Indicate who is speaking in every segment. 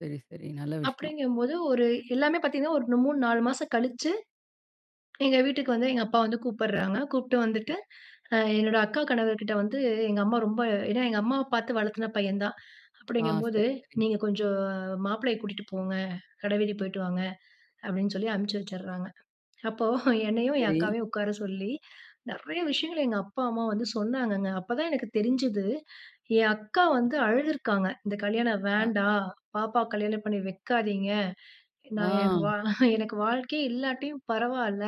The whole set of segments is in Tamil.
Speaker 1: சரி, சரி நல்ல விஷயம்.
Speaker 2: அப்டிங்குபோது ஒரு எல்லாமே பாத்தீங்கன்னா, ஒரு 3, 4 மாசம் கழிச்சு எங்க வீட்டுக்கு வந்து எங்க அப்பா வந்து கூப்பிடுறாங்க. கூப்புட்டு வந்துட்டு, அ என்னோட அக்கா கணவர் கிட்ட வந்து எங்க அம்மா ரொம்ப ஏனா, எங்க அம்மாவ பாத்து வளர்த்தின பையன் தான்
Speaker 1: ஆ.
Speaker 2: அப்டிங்கும்போது
Speaker 1: சரி, சரி.
Speaker 2: "நீங்க கொஞ்சம் மாப்பிளைய கூட்டிட்டு போங்க. கட வீதி போயிட்டு வாங்க" அப்டின்னு சொல்லி அனுப்புச்சு வச்சிடறாங்க. அப்போ என்னையும் என்
Speaker 1: சரி.
Speaker 2: அக்காவையும் உட்கார சொல்லி நெறைய விஷயங்கள் எங்க அப்பா, அம்மா வந்து சொன்னாங்கங்க. அப்பதான் எனக்கு தெரிஞ்சுது என் அக்கா வந்து அழுதுருக்காங்க. "இந்த கல்யாணம்
Speaker 1: ஆ.
Speaker 2: வேண்டாம் பாப்பா, கல்யாணம் பண்ணி வைக்காதீங்க" நான் எனக்கு
Speaker 1: ஆ.
Speaker 2: வா "எனக்கு வாழ்க்கையே இல்லாட்டியும் பரவால்ல"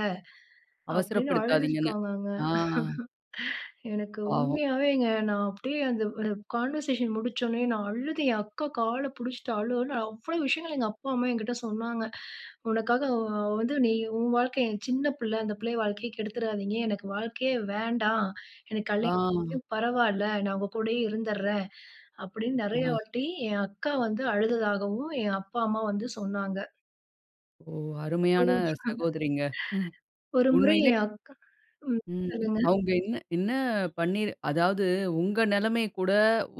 Speaker 2: அப்டின்னு
Speaker 1: அவசரப்படுத்தாதீங்கன்னு.
Speaker 2: அழுதுருக்காங்கங்க.
Speaker 1: ஆ.
Speaker 2: எனக்கு
Speaker 1: பாவம்.
Speaker 2: உண்மையாவேங்க நான் அப்டியே அந்த அ கான்வர்சேஷன் முடிச்சோனே நான் அழுது என் அக்கா கால புடிச்சிட்டு அழு அழுனு அவ்வளோ விஷயங்கள் எங்க அப்பா, அம்மா என்கிட்ட சொன்னாங்க, "உனக்காக அ வந்து நீ உன் வாழ்க்கை சின்ன பிள்ள, அந்த பிள்ளைய வாழ்க்கையை கெடுத்துராதீங்க. எனக்கு வாழ்க்கையே வேண்டாம். எனக்கு கல்யாணம்
Speaker 1: ஆ.
Speaker 2: பரவால. நான் உங்க கூடயே இருந்துறேன்". அப்டின் நெறைய
Speaker 1: அ.
Speaker 2: வாட்டி என் அக்கா வந்து அழுததாகவும் என் அப்பா, அம்மா வந்து சொன்னாங்க.
Speaker 1: ஓ! அருமையான
Speaker 2: ஒரு ம்.
Speaker 1: சகோதரிங்க.
Speaker 2: ஒரு முறை
Speaker 1: உண்மையிலே.
Speaker 2: என் அக்கா ம்
Speaker 1: ம்.
Speaker 2: சொல்லுங்க.
Speaker 1: அவங்க என்ன என்ன பண்ணி அதாவது உங்க நெலைமை கூட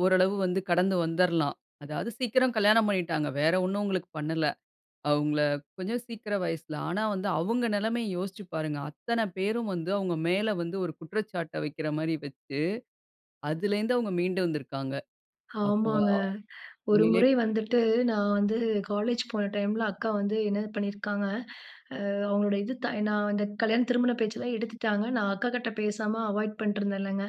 Speaker 1: ஓரளவு வந்து கடந்து வந்துருலாம். அதாவது சீக்கிரம் கல்யாணம் பண்ணிட்டாங்க. வேற ஒண்ணும் உங்களுக்கு பண்ணல. அவங்கள கொஞ்சம் சீக்கிரம் வயசுல. ஆனா, வந்து அவங்க நெலைமய யோசிச்சு பாருங்க. அத்தனை பேரும் வந்து அவங்க மேல வந்து ஒரு குற்றச்சாட்ட வைக்கிற மாரி வச்சு அதிலிருந்து அவங்க மீண்டு வந்திருக்கிறாங்க. அப்ப
Speaker 2: ஆமாங்க. ஒரு
Speaker 1: உண்மையிலேயே
Speaker 2: முறை
Speaker 1: பெரிய
Speaker 2: வந்துட்டு நான் வந்து காலேஜ் போன டைம்ல அக்கா வந்து என்னது பண்ணியிருக்காங்க, அ அவங்களோட இது தா நான் அந்த கல்யாண திருமண பேச்செல்லாம் எடுத்துட்டாங்க. நான் அக்காகிட்ட பேசாம அவாய்ட் பண்ணிட்டுருந்தேன்லங்க.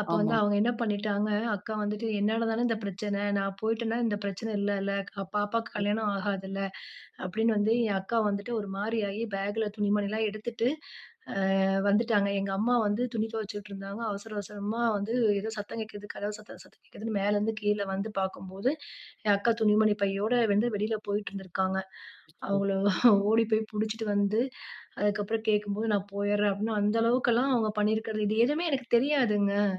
Speaker 2: அப்ப வந்து
Speaker 1: ஆமாம்.
Speaker 2: அவங்க என்ன பண்ணிட்டாங்க, அக்கா வந்துட்டு "என்னால தானே இந்த பிரச்சனை நான் போயிட்டேன்னா இந்த பிரச்சனை இல்லல க பாப்பாக்கு கல்யாணம் ஆகாதுல்ல. அப்டின்னு வந்து என் அக்கா வந்துட்டு ஒரு மாரியாகி பேக்குல துணி மணி எல்லாம் எடுத்துட்டு ஆ வந்துட்டாங்க." எங்க அம்மா வந்து துணி துவைச்சுட்டு இருந்தாங்க. அவசர அவசரமா வந்து ஏதோ சத்தம் கேட்குது, கதவு சத்தம் சத்தம் கேட்குதுன் மேல இருந்து கீழ வந்து பாக்கும்போது, என் அக்கா துணிமணி பையோட வந்து வெளில போயிட்டு இருந்திருக்காங்க. அவங்கள
Speaker 1: [unintelligible]
Speaker 2: ஓடி போய் புடிச்சுட்டு வந்து, அதுக்கு அப்புறம் கேட்கும்போது நான் போயறேன் அப்டின் அந்த அளவுக்குலாம் அவங்க பண்ணியிருக்கிறது. இது எதுவுமே எனக்கு தெரியாதுங்க.